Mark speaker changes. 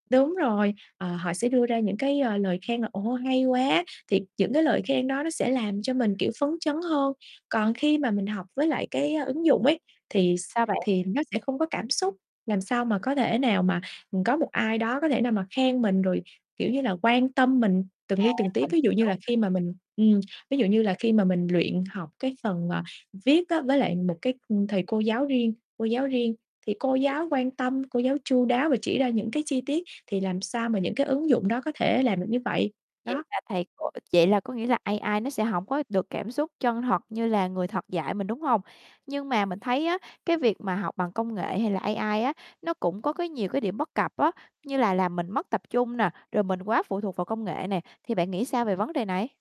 Speaker 1: Đúng rồi, ờ, họ sẽ đưa ra những cái, ờ, lời khen là "Ồ, hay quá!" Thiệt những cái lời khen đó nó sẽ làm cho mình, kiểu, phấn chấn hơn. Còn khi mà mình học với lại, cái, á, ứng dụng ấy thì x
Speaker 2: Sao bạn?
Speaker 1: thì nó sẽ không có cảm xúc, làm sao mà có thể nào mà, ừm, có một ai đó có thể nào mà khen mình rồi, kiểu như là, quan tâm mình từng
Speaker 2: À,
Speaker 1: li từng tí.
Speaker 2: mình
Speaker 1: Ví dụ như
Speaker 2: hiểu.
Speaker 1: là khi mà mình ừm, ví dụ như là khi mà mình luyện học cái phần, à, viết á với lại một, cái, ừm, thầy cô giáo riêng cô giáo riêng, thì cô
Speaker 2: Vậy
Speaker 1: giáo quan tâm, cô giáo chu đáo và chỉ ra những cái chi tiết, thì làm sao mà những cái ứng dụng đó có thể làm được như vậy?
Speaker 2: vậy
Speaker 1: Đó.
Speaker 2: là thầy cô vậy là có nghĩa là AI nó sẽ hổng có được cảm xúc chân thật như là người thật dạy mình, đúng hông? Nhưng mà mình thấy á, cái việc mà học bằng công nghệ hay là AI á, nó cũng có, cái, nhiều cái điểm bất cập á, như là làm mình mất tập trung nè, rồi mình quá phụ thuộc vào công nghệ nè, thì bạn nghĩ sao về vấn đề này?